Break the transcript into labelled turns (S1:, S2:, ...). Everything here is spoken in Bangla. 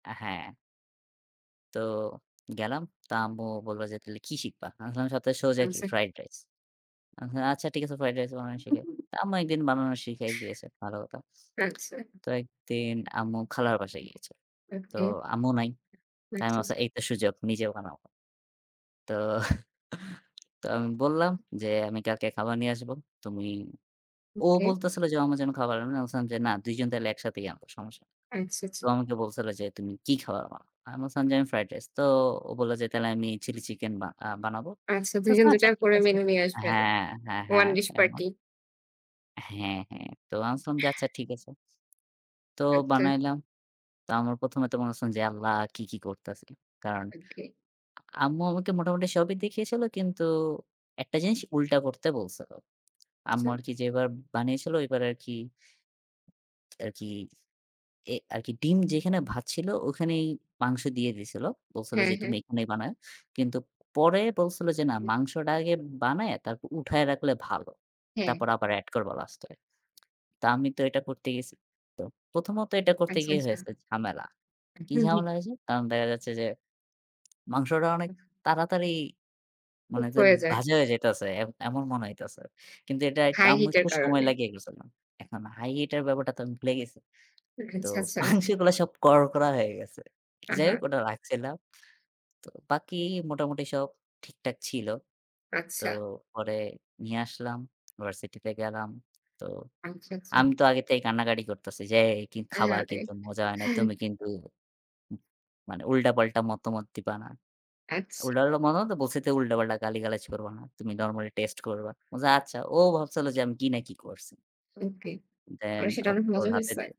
S1: অ্যা হ্যাঁ তো গেলাম। তা আম্মু বলল যে, "তাহলে কি শিখবা?" আমি বললাম, "সবথেকে সোজা কি?
S2: আনসে
S1: ফ্রাইড রাইস।" আ হু "আচ্ছা, ঠিক আছে। ফ্রাইড রাইস বানানো শিখাই।" আম্মু একদিন বানানো শিখাই দিয়েছে, ভালো কথা।
S2: রাখসে
S1: তো একদিন আম্মু খালার বাসায় গিয়েছে। তো
S2: ওকে।
S1: আম্মু নাই। তা আমি
S2: আচ্ছা,
S1: ভাবছি,
S2: আচ্ছা।
S1: "এই তো সুযোগ, নিজে বানাবো।" তো, তো আমি বললাম যে, "আমি কালকে খাবার নিয়ে আসবো। তুমি;" ও
S2: ওকে।
S1: বলতেছিল যে, "আম্মু যেন খাবার আনে।" আমি বললাম যে, "না, ২ জন তাহলে একসাথেই আনবো, সমস্যা নাই।"
S2: আচ্ছা, আচ্ছা।
S1: তো আমাকে বলছিল যে, "তুমি কি খাবার আনবা?" আমি বললাম যে, "আমি ফ্রাইড রাইস।" তো ও বলল যে, "তাহলে আমি চিলি চিকেন বা আ বানাবো।"
S2: আচ্ছা,
S1: আমি
S2: ২ জন
S1: বললাম,
S2: দুটা
S1: "আচ্ছা ঠিক
S2: করে
S1: আছে"
S2: মেনু নিয়ে আসবেন।
S1: হ্যাঁ, হ্যাঁ,
S2: 1
S1: হ্যাঁ
S2: dish party.
S1: এমন। হ্যাঁ, হ্যাঁ। তো আমি বলসিলাম যে, "আচ্ছা ঠিক আছে।" তো
S2: আচ্ছা।
S1: বানাইলাম। তো আমার প্রথমে তো মনে হচ্ছিল যে, "আল্লাহ! কি, কি করতেছি!" কারণ
S2: ওকে।
S1: আম্মু আমাকে মোটামুটি সবই দেখিয়েছিল কিন্তু, ১ টা জিনিস উল্টা করতে বলছিল। আম্মু
S2: আচ্ছা।
S1: আর কি যেই বার বানিয়েছিল ওইবার আর কি আরকি, এ আরকি ডিম যেখানে ভাজছিল, ওখানেই মাংস দিয়ে দিয়েছিল। বলছিল
S2: হ্যাঁ,
S1: যে,
S2: হ্যাঁ।
S1: "তুমি এখানেই বানাইও।" কিন্তু পরে
S2: হু,
S1: বলছিল যে, "না,
S2: হুম।
S1: মাংসটা আগে বানায়ে তারপর উঠায়া রাখলে ভালো।
S2: হ্যাঁ।
S1: তারপর আবার অ্যাড করবা লাস্টে।" তা আমি তো এটা করতে গেছি। তো প্রথমত এটা করতে
S2: আচ্ছা,
S1: গিয়ে
S2: আচ্ছা।
S1: হয়েছে ঝামেলা। কি
S2: হু, হু।
S1: ঝামেলা হয়েছে? কারণ দেখা যাচ্ছে যে, মাংসটা অনেক তাড়াতাড়ি মানে
S2: কুক
S1: যে
S2: হয়ে যায়।
S1: ভাজা হয়ে যাইতেছে, এ এমন মনে হইতেছে। কিন্তু এটা একটা
S2: হাই
S1: আম্মুর
S2: হিটের
S1: খুব সময়
S2: কারণে।
S1: লাগিয়ে ফেলেছিলাম। এখন হাই হিট এর ব্যাপারটা তো আমি ভুলে গেছি। তো
S2: আচ্ছা, আচ্ছা।
S1: মাংসগুলা সব করকরা হয়ে গেছে। যাই হোক,
S2: আহা।
S1: ওটা রাখছিলাম। তো বাকি মোটামুটি সব ঠিকঠাক ছিল। তো
S2: আচ্ছা।
S1: পরে নিয়ে আসলাম। ভার্সিটিতে গেলাম। তো
S2: আচ্ছা, আচ্ছা।
S1: আমি তো আগে থেকেই কান্নাকাটি করতেছি যে, "কি খাবার
S2: আহারে!
S1: কিন্তু মজা হয় নাই। তুমি কিন্তু উম মানে উল্টাপাল্টা মতামত দিবা না।"
S2: আচ্ছা।
S1: উল্টাপাল্টা মতামত বলতে বলছি যে, "তুমি উল্টাপাল্টা গালিগালাজ করবা না। তুমি নরমালি টেস্ট করবা।" বলছে "আচ্ছা।" ও ভাবছিল যে আমি কি না কি করছি?
S2: ওকে। আর
S1: দেন
S2: সেটা
S1: ও
S2: অনেক
S1: ওর
S2: মজা
S1: হাতে
S2: হইছে?
S1: দিয়ে।